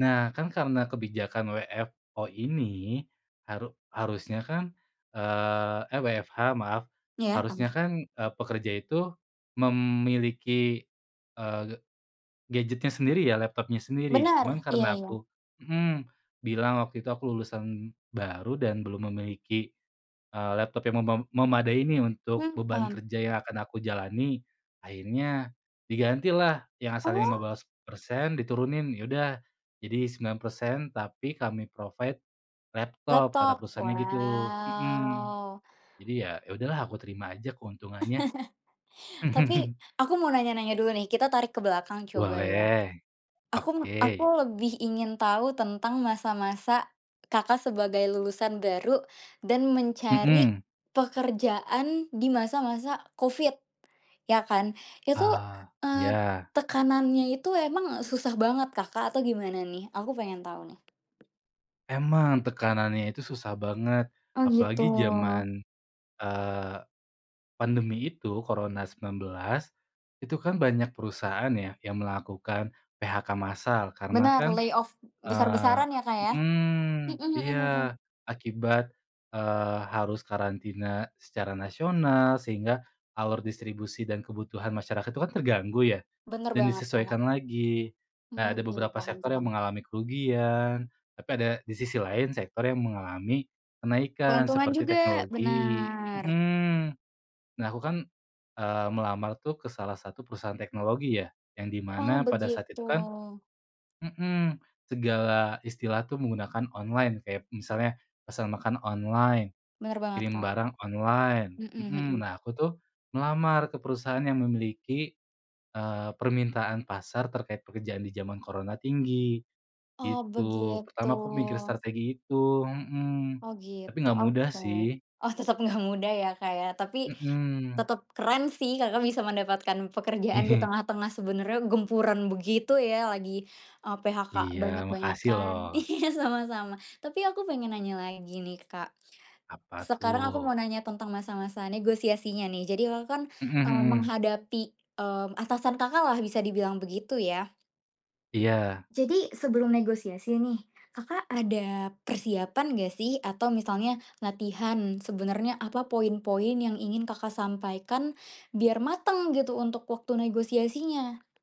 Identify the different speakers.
Speaker 1: Nah, kan, karena kebijakan WFO ini, haru harusnya, kan, eee eh, WFH, maaf.
Speaker 2: Iya.
Speaker 1: Harusnya,
Speaker 2: [unintelligible]
Speaker 1: kan, eee, pekerja itu memiliki, eee, g gadgetnya sendiri, ya, laptopnya sendiri.
Speaker 2: Benar,
Speaker 1: Cuman
Speaker 2: iya
Speaker 1: karena
Speaker 2: iya.
Speaker 1: aku mhm, bilang waktu itu aku lulusan baru dan belum memiliki, eee, laptop yang memem memadai nih, untuk
Speaker 2: Hmm,
Speaker 1: beban
Speaker 2: paham.
Speaker 1: kerja yang akan aku jalani, akhirnya digantilah, yang asalnya lima
Speaker 2: Oh.
Speaker 1: belas persen, diturunin, "Ya udah, jadi 9%, tapi kami provide laptop," kata
Speaker 2: Laptop,
Speaker 1: perusahaannya, gitu, mhm.
Speaker 2: wow.
Speaker 1: Jadi, ya, ya udahlah, aku terima aja keuntungannya.
Speaker 2: Tapi, aku mau nanya-nanya dulu, nih. Kita tarik ke belakang, coba, ya.
Speaker 1: Boleh.
Speaker 2: Aku me aku
Speaker 1: Oke.
Speaker 2: lebih ingin tahu tentang masa-masa Kakak sebagai lulusan baru dan mencari
Speaker 1: Mhm.
Speaker 2: pekerjaan di masa-masa Covid, ya, kan. Itu,
Speaker 1: Ah,
Speaker 2: eee,
Speaker 1: ya.
Speaker 2: tekanannya itu emang susah banget, Kakak, atau gimana, nih? Aku pengen tahu, nih.
Speaker 1: Emang. Tekanannya itu susah banget.
Speaker 2: Oh, gitu.
Speaker 1: Apalagi jaman, eee, pandemi itu, Corona 19, itu kan, banyak perusahaan, ya, yang melakukan PHK massal. Karena
Speaker 2: Benar,
Speaker 1: kan,
Speaker 2: lay off
Speaker 1: eee
Speaker 2: besar-besaran, ya, Kak, ya?
Speaker 1: mhm,
Speaker 2: Mhm mhm
Speaker 1: iya.
Speaker 2: mhm.
Speaker 1: Akibat, eee, harus karantina secara nasional, sehingga alur distribusi dan kebutuhan masyarakat tuh, kan, terganggu, ya,
Speaker 2: Benar
Speaker 1: dan
Speaker 2: banget, Kak.
Speaker 1: disesuaikan lagi. Nah,
Speaker 2: Mmm,
Speaker 1: ada
Speaker 2: iya,
Speaker 1: beberapa
Speaker 2: paham
Speaker 1: sektor yang
Speaker 2: paham.
Speaker 1: mengalami kerugian. Tapi ada di sisi lain, sektor yang mengalami kenaikan,
Speaker 2: Keuntungan
Speaker 1: seperti
Speaker 2: juga.
Speaker 1: teknologi,
Speaker 2: Benar.
Speaker 1: mhm. Nah, aku kan, eee, melamar tuh, ke salah satu perusahaan teknologi, ya. Yang di
Speaker 2: Oh,
Speaker 1: mana pada saat
Speaker 2: begitu.
Speaker 1: itu, kan mhm, segala istilah tuh, menggunakan online. Kayak misalnya, pesan makan online,
Speaker 2: Bener banget,
Speaker 1: kirim
Speaker 2: Kak.
Speaker 1: barang online.
Speaker 2: Mhm
Speaker 1: Mhm.
Speaker 2: mhm.
Speaker 1: Nah, aku, tuh, melamar ke perusahaan yang memiliki, eee, permintaan pasar terkait pekerjaan di jaman Corona tinggi,
Speaker 2: Oh,
Speaker 1: gitu.
Speaker 2: begitu.
Speaker 1: Pertama, aku mikir strategi itu, mhm,
Speaker 2: Oh,
Speaker 1: tapi
Speaker 2: gitu,
Speaker 1: enggak mudah,
Speaker 2: oke.
Speaker 1: sih.
Speaker 2: Oh, tetap enggak mudah, ya, Kak, ya. Tapi,
Speaker 1: Mhm.
Speaker 2: tetap keren, sih, Kakak bisa mendapatkan pekerjaan di tengah-tengah sebenarnya gempuran begitu, ya. Lagi, eee, PHK
Speaker 1: Iya, makasih, lo.
Speaker 2: banyak-banyakan. Iya, sama-sama. Tapi, aku pengen nanya lagi, nih, Kak.
Speaker 1: Apa,
Speaker 2: Sekarang aku
Speaker 1: tuh?
Speaker 2: mau nanya tentang masa-masa negosiasinya, nih. Jadi, Kakak, kan,
Speaker 1: Mhm
Speaker 2: eee,
Speaker 1: mhm.
Speaker 2: menghadapi, mmm, atasan Kakaklah bisa dibilang begitu, ya.
Speaker 1: Iya.
Speaker 2: Jadi, sebelum negosiasi, nih, Kakak ada persiapan, nggak sih? Atau, misalnya latihan. Sebenarnya apa poin-poin yang ingin Kakak sampaikan? Biar matang, gitu, untuk waktu negosiasinya.